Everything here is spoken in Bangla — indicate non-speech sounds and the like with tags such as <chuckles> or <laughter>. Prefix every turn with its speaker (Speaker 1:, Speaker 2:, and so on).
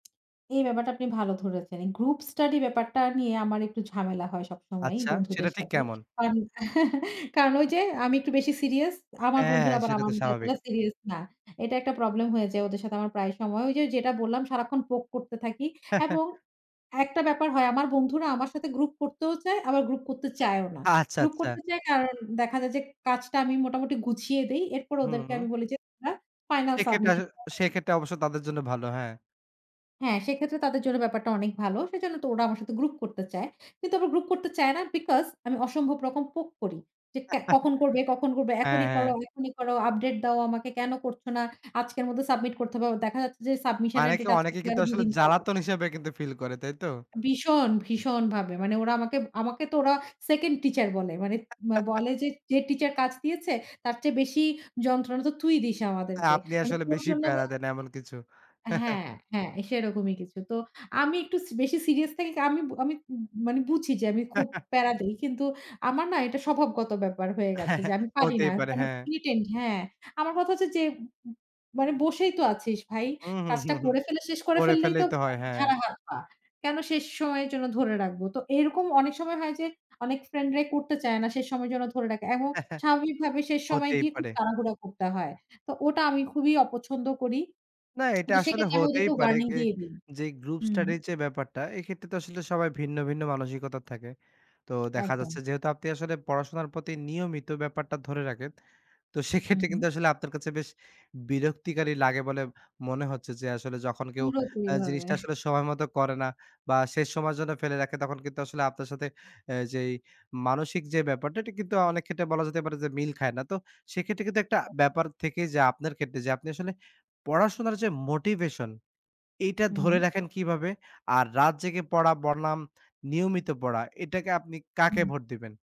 Speaker 1: এই ব্যাপারটা আপনি ভালো ধরেছেন। এই গ্রুপ স্টাডি ব্যাপারটা নিয়ে আমার একটু ঝামেলা হয় সবসময়
Speaker 2: আচ্ছা সেটা
Speaker 1: বন্ধুদের
Speaker 2: ঠিক
Speaker 1: সাথে।
Speaker 2: কেমন?
Speaker 1: কারণ, <chuckles> কারণ ওই যে আমি একটু বেশি সিরিয়াস। আমার
Speaker 2: হ্যাঁ
Speaker 1: বন্ধুরা আবার
Speaker 2: সেটা
Speaker 1: আমার
Speaker 2: তো
Speaker 1: মতো
Speaker 2: স্বাভাবিক।
Speaker 1: এতটা সিরিয়াস না। এটা একটা প্রবলেম হয়ে যায় ওদের সাথে আমার প্রায় সময়। ওই যে যেটা বললাম সারাক্ষণ পোক করতে থাকি।
Speaker 2: হ্যাঁ, হ্যাঁ।
Speaker 1: এবং ১ টা ব্যাপার হয় আমার বন্ধুরা আমার সাথে গ্রুপ করতেও চায়, আবার গ্রুপ করতে চায়ও না।
Speaker 2: আচ্ছা,
Speaker 1: গ্রুপ
Speaker 2: আচ্ছা।
Speaker 1: করতে চায় কারণ দেখা যায় যে, কাজটা আমি মোটামুটি গুছিয়ে দেই। এরপর
Speaker 2: হুম,
Speaker 1: ওদেরকে
Speaker 2: হুম।
Speaker 1: আমি বলি যে একটা ফাইনাল
Speaker 2: সেক্ষেত্রে আসো
Speaker 1: সাবমিশন <unintelligible>
Speaker 2: সেক্ষেত্রে অবশ্য তাদের জন্য ভালো হ্যাঁ।
Speaker 1: হ্যাঁ সেক্ষেত্রে তাদের জন্য ব্যাপারটা অনেক ভালো। সেজন্য তো ওরা আমার সাথে গ্রুপ করতে চায়। কিন্তু আবার গ্রুপ করতে চায় না বিকস আমি অসম্ভব রকম পোক করি। যে ক্যা
Speaker 2: <chuckles>
Speaker 1: কখন করবে কখন করবে
Speaker 2: হ্যাঁ,
Speaker 1: এখনই করো
Speaker 2: হ্যাঁ।
Speaker 1: এখনই করো আপডেট দাও আমাকে কেন করছ না? আজকের মধ্যে সাবমিট করতে হবে। ও দেখা যাচ্ছে যে সাবমিশন এর
Speaker 2: মানেকে
Speaker 1: ডেট আজ
Speaker 2: অনেকে কিন্তু
Speaker 1: <unintelligible> ২
Speaker 2: আসলে
Speaker 1: দিন পরে।
Speaker 2: জ্বালাতন হিসেবে কিন্তু ফিল করে, তাই তো?
Speaker 1: ভীষণ, ভীষণ, ভাবে মানে ওরা আমাকে, আমাকে, তো ওরা সেকেন্ড টিচার বলে। মানে ম
Speaker 2: <chuckles>
Speaker 1: বলে যে, যে, টিচার কাজ দিয়েছে তার চেয়ে বেশি যন্ত্রণা তো তুই দিস আমাদেরকে
Speaker 2: আপনি
Speaker 1: মানে
Speaker 2: আসলে
Speaker 1: তোর
Speaker 2: বেশি
Speaker 1: জন্য ব
Speaker 2: প্যারা দেন এমন কিছু, <chuckles>
Speaker 1: হ্যাঁ, হ্যাঁ সেরকমই কিছু। তো আমি একটু সি বেশি সিরিয়াস থাকি কা আমি, আমি, মানে বুঝি যে আমি খুব
Speaker 2: <chuckles>
Speaker 1: প্যারা দেই। কিন্তু আমার না এটা স্বভাবগত ব্যাপার হয়ে গেছে যে
Speaker 2: <chuckles>
Speaker 1: আমি পারি না
Speaker 2: হতেই পারে,
Speaker 1: কোন
Speaker 2: হ্যাঁ।
Speaker 1: প্রিটেণ্ড হ্যাঁ। আমার কথা হচ্ছে যে, মানে বসেই তো আছিস ভাই।
Speaker 2: হুম, হুম,
Speaker 1: কাজটা
Speaker 2: হুম, হুম,
Speaker 1: করে ফেলে শেষ করে
Speaker 2: করে
Speaker 1: ফেললেই তো
Speaker 2: ফেললেই তো হয়,
Speaker 1: আব
Speaker 2: হ্যাঁ।
Speaker 1: ঝাড়া হাত পা। কেন শেষ সময়ের জন্য ধরে রাখবো? তো এরকম অনেক সময় হয় যে অনেক ফ্রেন্ড রাই করতে চায় না। শেষ সময় যেন ধরে রাখে এবং
Speaker 2: হ্যাঁ, হ্যাঁ,
Speaker 1: স্বাভাবিক ভাবে শেষ সময়
Speaker 2: হতেই
Speaker 1: গিয়ে খুব
Speaker 2: পারে।
Speaker 1: তাড়াহুড়া করতে হয়। তো ওটা আমি খুবই অপছন্দ করি
Speaker 2: না এটা
Speaker 1: তো
Speaker 2: আসলে
Speaker 1: সেক্ষেত্রে আমি
Speaker 2: হতেই
Speaker 1: ওদেরকে
Speaker 2: পারে
Speaker 1: ওয়ার্নিং
Speaker 2: গে
Speaker 1: দিয়ে দিই
Speaker 2: যে গ্রুপ
Speaker 1: হুম।
Speaker 2: স্টাডির যে ব্যাপারটা এক্ষেত্রে তো আসলে সবাই ভিন্ন, ভিন্ন, মানসিকতা থাকে। তো দেখা
Speaker 1: একদম।
Speaker 2: যাচ্ছে যেহেতু আপনি আসলে পড়াশোনার প্রতি নিয়মিত ব্যাপারটা ধরে রাখেন। তো
Speaker 1: হুম,
Speaker 2: সেক্ষেত্রে
Speaker 1: হুম।
Speaker 2: কিন্তু আসলে আপনার কাছে বেশ বিরক্তিকারী লাগে বলে মনে হচ্ছে। যে আসলে যখন কেউ
Speaker 1: পুরোপুরি
Speaker 2: আ
Speaker 1: ভাবে
Speaker 2: জিনিসটা আসলে
Speaker 1: <chuckles>
Speaker 2: সময় মত করে না বা শেষ সময়ের জন্য ফেলে রাখে তখন কিন্তু আসলে আপনার সাথে আ যেই মানসিক যে ব্যাপারটা এটা কিন্তু অনেক ক্ষেত্রে বলা যেতে পারে যে মিল খায় না। তো সেক্ষেত্রে কিন্তু একটা
Speaker 1: হুম, হুম।
Speaker 2: ব্যাপার থেকেই যা আপনার ক্ষেত্রে। যে আপনি আসলে পড়াশোনার যে motivation এটা ধরে
Speaker 1: হুম।
Speaker 2: রাখেন কিভাবে? আর রাত জেগে পড়া বনাম নিয়মিত পড়া এটাকে আপনি কাকে
Speaker 1: হুম।
Speaker 2: ভোট দিবেন?